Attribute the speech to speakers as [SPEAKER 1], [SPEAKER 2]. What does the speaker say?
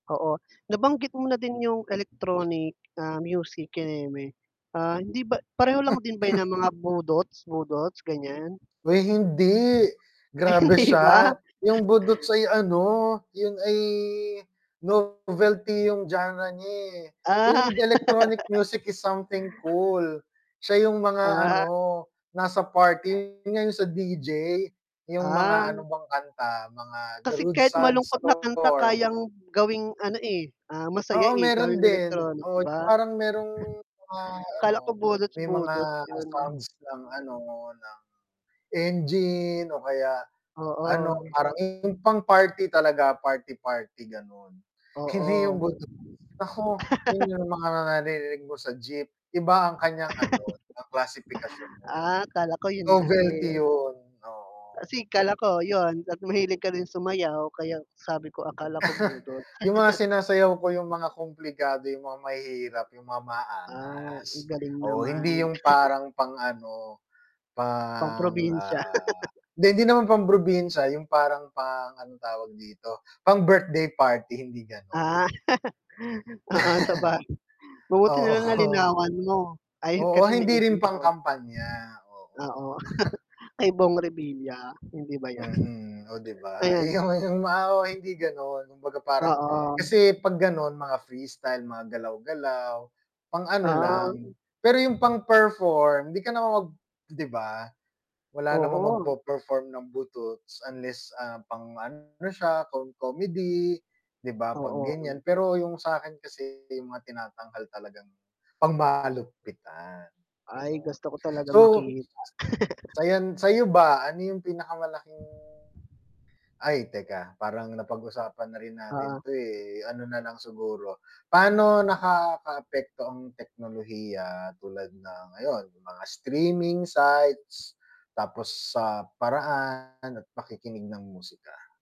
[SPEAKER 1] Oo, nabanggit mo na din yung electronic, ah, music kineme, ah, hindi ba pareho lang din ba yun ng mga budots, budots ganyan?
[SPEAKER 2] Uy hindi,
[SPEAKER 1] Ay,
[SPEAKER 2] grabe
[SPEAKER 1] hindi ba?
[SPEAKER 2] siya, yung budots ay ano, yun ay novelty yung genre nya eh,
[SPEAKER 1] Ah.
[SPEAKER 2] yung electronic music is something cool. Siya yung mga
[SPEAKER 1] Ah.
[SPEAKER 2] ano, nasa party, yun nga yung sa DJ, yung mga
[SPEAKER 1] Ah.
[SPEAKER 2] ano bang kanta mga
[SPEAKER 1] Kasi
[SPEAKER 2] Darude,
[SPEAKER 1] kahit malungkot na kanta
[SPEAKER 2] Sandstorm.
[SPEAKER 1] kayang gawing ano eh, ah, masaya
[SPEAKER 2] Oo
[SPEAKER 1] eh gawing
[SPEAKER 2] meron din,
[SPEAKER 1] electronic 'di
[SPEAKER 2] oo,
[SPEAKER 1] ba?
[SPEAKER 2] parang merong mga
[SPEAKER 1] Akala ko
[SPEAKER 2] ano,
[SPEAKER 1] budots,
[SPEAKER 2] may mga
[SPEAKER 1] budot yun eh.
[SPEAKER 2] sounds ng ano, ng engine o kaya ano
[SPEAKER 1] Oo.
[SPEAKER 2] parang yung pang party talaga, party-party, ganon. Hindi yung
[SPEAKER 1] Oo.
[SPEAKER 2] budots, naku yun yung mga naririnig mo sa jeep, iba ang kanyang ano, ang klasipikasyon.
[SPEAKER 1] Ah, akala ko yun kasi.
[SPEAKER 2] Novelty yun, oo.
[SPEAKER 1] Kasi akala ko yun at mahilig ka rin sumayaw, kaya sabi ko akala ko budots.
[SPEAKER 2] Yung mga sinasayaw ko yung mga kumplikado, yung mga mahihirap, yung mga
[SPEAKER 1] Ah,
[SPEAKER 2] maangas.
[SPEAKER 1] ang galing
[SPEAKER 2] O hindi
[SPEAKER 1] naman.
[SPEAKER 2] yung parang pang ano,
[SPEAKER 1] Pang
[SPEAKER 2] pang,
[SPEAKER 1] probinsya.
[SPEAKER 2] ah, hindi hindi naman pang probinsya, yung parang pang, anong tawag dito, pang birthday party, hindi ganon.
[SPEAKER 1] Ah. Oo, sa ba mabuti na lang na
[SPEAKER 2] Oo.
[SPEAKER 1] linawan mo. ayun
[SPEAKER 2] Oo,
[SPEAKER 1] kasi
[SPEAKER 2] hindi rin
[SPEAKER 1] naisip
[SPEAKER 2] pang
[SPEAKER 1] ko.
[SPEAKER 2] kampanya,
[SPEAKER 1] Oo.
[SPEAKER 2] oo.
[SPEAKER 1] Kay Bong Revilla, hindi ba yun?
[SPEAKER 2] Mm, oh 'di ba?
[SPEAKER 1] Ayan.
[SPEAKER 2] yung yung mga oo hindi ganon, kumbaga parang,
[SPEAKER 1] Oo.
[SPEAKER 2] kasi 'pag ganon mga freestyle mga galaw-galaw, pang ano
[SPEAKER 1] Ah.
[SPEAKER 2] lang. Pero yung pang-perform 'di ka naman mag 'di ba, wala namang
[SPEAKER 1] Oo.
[SPEAKER 2] magpo-perform ng buduts, unless, ah, pang ano sya kung com comedy 'di ba 'pag
[SPEAKER 1] Oo.
[SPEAKER 2] ganyan, pero yung sakin kasi yung mga tinatanghal talagang pang malupitan,
[SPEAKER 1] Ay
[SPEAKER 2] ganon.
[SPEAKER 1] gusto ko talaga
[SPEAKER 2] So,
[SPEAKER 1] makikita.
[SPEAKER 2] sayan sa'yo ba ano yung pinakamalaking ay teka parang napag usapan na rin natin
[SPEAKER 1] Oo.
[SPEAKER 2] 'to eh. ano nalang siguro. Paano nakakaapekto ang teknolohiya tulad ng ngayon, mga streaming sites, tapos sa paraan at makikinig ng musika?